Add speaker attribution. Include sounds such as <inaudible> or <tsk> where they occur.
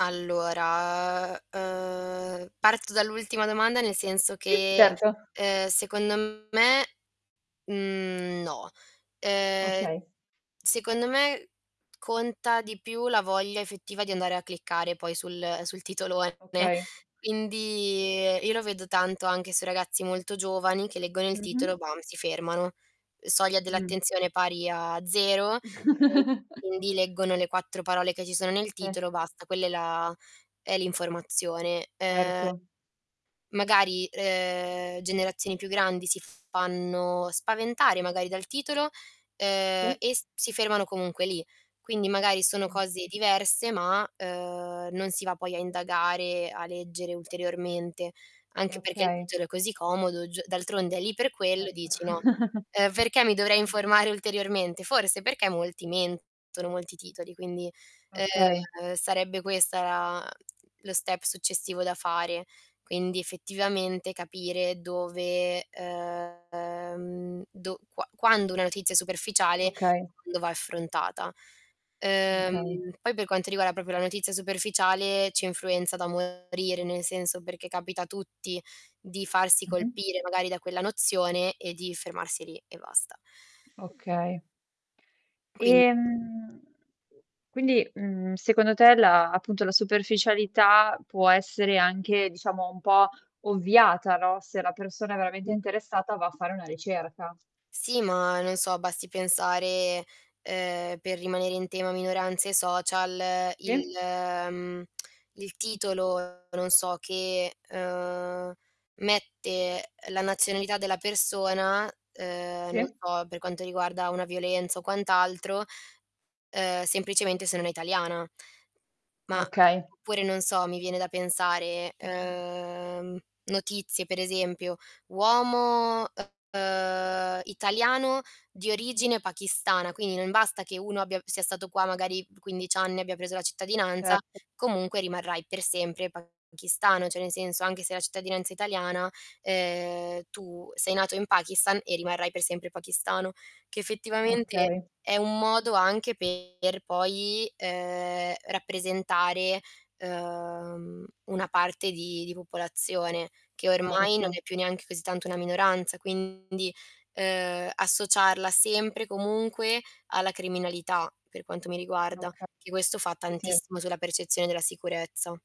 Speaker 1: Allora, ehm, ehm, parto dall'ultima domanda nel senso
Speaker 2: Sì,
Speaker 1: che,
Speaker 2: certo.
Speaker 1: ehm, secondo me, mhmm, no. Ehm,
Speaker 2: Okay.
Speaker 1: secondo me, conta di più la voglia effettiva di andare a cliccare poi sul sul titolone,
Speaker 2: Okay.
Speaker 1: quindi io lo vedo tanto anche sui ragazzi molto giovani che leggono il titolo
Speaker 2: Mh-mh.
Speaker 1: e bam si fermano. Soglia
Speaker 2: Mh.
Speaker 1: dell'attenzione pari a 0, e
Speaker 2: <chuckles>
Speaker 1: quindi leggono le 4 parole che ci sono nel
Speaker 2: Se.
Speaker 1: titolo basta quella è la è l'informazione. Ehm,
Speaker 2: Certo.
Speaker 1: magari ehm, generazioni più grandi si fanno spaventare magari dal titolo, uhm,
Speaker 2: Sì.
Speaker 1: e si fermano comunque lì. Quindi magari sono
Speaker 2: Mh.
Speaker 1: cose diverse, ma, ehm, non si va poi a indagare, a leggere ulteriormente. Anche perché il
Speaker 2: Okay.
Speaker 1: titolo è così comodo giu d'altronde è lì per quello,
Speaker 2: Certo
Speaker 1: dici no:
Speaker 2: <chuckles>
Speaker 1: "Ehm, perché mi dovrei
Speaker 2: <unintelligible>
Speaker 1: informare ulteriormente?" Forse perché molti mentono, molti titoli, quindi,
Speaker 2: Okay.
Speaker 1: ehm, sarebbe questo la mh, lo step successivo da fare. Quindi effettivamente capire dove, ehm, dov qua quando una notizia è superficiale,
Speaker 2: Okay.
Speaker 1: quando va affrontata.
Speaker 2: Okay.
Speaker 1: Uhm, poi per quanto riguarda proprio la notizia superficiale ci influenza da morire, nel senso perché capita a tutti di farsi
Speaker 2: Mh-mh.
Speaker 1: colpire magari da quella nozione e di fermarsi lì e basta.
Speaker 2: Okay.
Speaker 1: Quindi
Speaker 2: Ehm, quindi, uhm, secondo te la appunto la superficialità può essere anche diciamo un po' ovviata, no? Se la persona è veramente
Speaker 1: Mh-mh.
Speaker 2: interessata va a fare una ricerca.
Speaker 1: Sì, ma non so, basti pensare, ehm, per rimanere in tema minoranze social, il
Speaker 2: Sì.
Speaker 1: mh, <tsk> il titolo non so che ehm, mette la nazionalità della persona, ehm, non
Speaker 2: Sì.
Speaker 1: so per quanto riguarda una violenza o quant'altro, ehm, semplicemente se non è italiana. Ma
Speaker 2: Okay.
Speaker 1: oppure non so mi viene da pensare
Speaker 2: Mh-mh.
Speaker 1: ehm, notizie per esempio uomo ehm, italiano di origine pakistana, quindi non basta che uno abbia sia stato qua magari 15 anni e abbia preso la cittadinanza,
Speaker 2: Certo.
Speaker 1: comunque rimarrai per sempre pakistano, cioè nel senso anche se la cittadinanza è italiana, ehm, tu sei nato in Pakistan e rimarrai per sempre pakistano, che effettivamente
Speaker 2: Okay.
Speaker 1: è un modo anche per poi ehm, rappresentare, uhm, una parte di di popolazione, che ormai non
Speaker 2: Erto.
Speaker 1: è più neanche così tanto una minoranza quindi ehm, associarla sempre comunque alla criminalità per quanto mi riguarda,
Speaker 2: Okay,
Speaker 1: che questo fa
Speaker 2: sì sì.
Speaker 1: tantissimo sulla percezione della sicurezza.